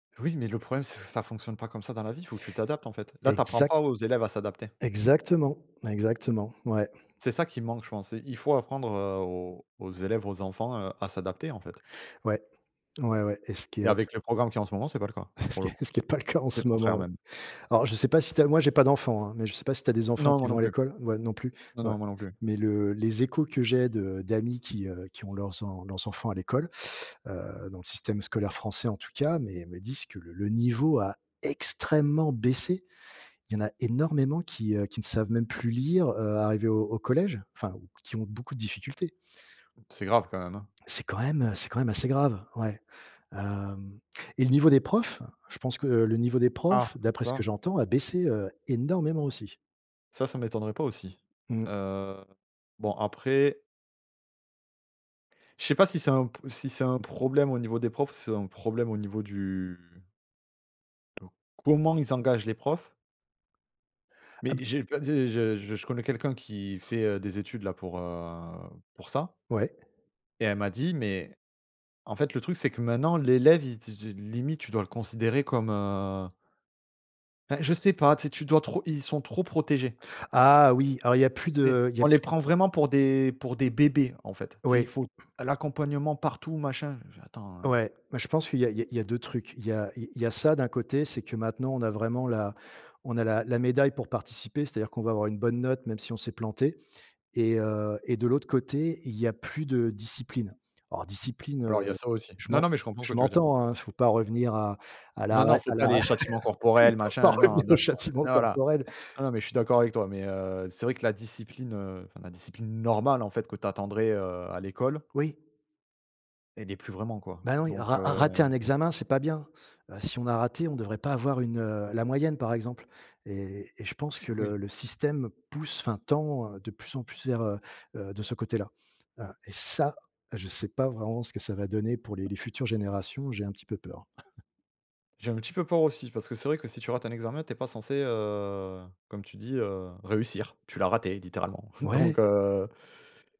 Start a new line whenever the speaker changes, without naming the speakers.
Oui mais le problème, ç ça fonctionne pas comme ça dans la vie, faut que tu t'adaptes, en fait. Là tu apprends
Exact
pas aux élèves à s'adapter.
exactement, exactement, ouais.
C'est ça qui manque, je pense: il faut apprendre, heu, aux aux élèves, aux enfants, heu, à s'adapter, en fait
Ouais. Ouais, ouais, et ce qui est,
Et
heu, t
avec le programme qu'il y a en ce moment, c'est pas le cas,
Et ce
pour
qui
le
est
coup.
ce qui est pas le cas en
C'est le
ce
contraire,
moment.
même.
Alors, je sais pas si tu as moi, j'ai pas d'enfants hein, mais je sais pas si tu as des enfants
Non,
qui
moi non
vont à
plus.
l'école ouais, non plus,
Non,
ouais.
non, moi non plus.
Mais le les échos que j'ai de d'amis qui, heu, qui ont leurs en leurs enfants à l'école, heu, dans le système scolaire français en tout cas, mais me disent que le le niveau a extrêmement baissé. Il y en a énormément qui, heu, qui ne savent même plus lire, heu, arrivé au au collège. Enfin, ou qui ont beaucoup de difficultés.
C'est grave quand même, hein.
C'est quand même, heu, c'est quand même assez grave, ouais. Hem et le niveau des profs, je pense que le niveau des profs,
Ah!
d'après ce que
[unintelligible]
j'entends, a baissé, heu, énormément, aussi.
Ça, ça m'étonnerait pas aussi.
Mmh.
Heu, bon, après je sais pas si c'est un p si c'est un problème au niveau des profs, si c'est un problème au niveau du comment ils engagent les profs
Ah
mais
b
j'ai pas des je je je connais quelqu'un qui fait, heu, des études là pour, heu, pour ça
Ouais.
et elle m'a dit: «Mais en fait le truc c'est que maintenant l'élève, il te de limite tu dois le considérer comme, heu» Bah je sais pas, tu sais? Tu dois trop ils sont trop protégés.
Ah oui, alors il y a plus
Beh,
de il y a
on les
plus
prend vraiment pour des pour des bébés, en fait, tu sais? Il
Oui.
faut l'accompagnement partout machin, je fais: «attends»
Ouais, mais je pense qu'il y a il y a il y a 2 trucs. Il y a il y a ça d'un côté, c'est que maintenant on a vraiment la on a la la médaille pour participer, c'est-à-dire qu'on va avoir une bonne note même si on s'est planté et heu, et de l'autre côté, il y a plus de discipline. Alors discipline,
Alors il y a
heu,
ça aussi.
je
Non
m'en
non, mais je comprends ce que
je
tu veux dire.
m'entends, hein, il faut pas revenir à à
Non non,
l'arrêt
faut
à
pas
l'arrêt,
les châtiments
il
corporels,
faut pas
machin, non,
revenir au
d'accord, ouais,
châtiment
non là
corporel.
non, non, mais je suis d'accord avec toi. Mais heu, c'est vrai que la discipline, heu, enfin la discipline normale, en fait, que tu attendrais, heu, à l'école
Oui.
elle y est plus vraiment, quoi.
Bah non, il y a
Donc
ra
heu
rater un examen, c'est pas bien. Heu, si on a raté, on devrait pas avoir une, heu, la moyenne, par exemple. Et et je pense
F
que le
oui.
le système pousse enfin tend, heu, de plus en plus vers, heu heu, de ce côté là. Heu et ça, je sais pas vraiment ce que ça va donner pour les les futures générations. J'ai un petit peu peur.
J'ai un petit peu peur aussi, parce que c'est vrai que si tu rates un examen, tu es pas censé, heu, comme tu dis, heu, réussir. Tu l'as raté, littéralement. Donc
Ouais.
heu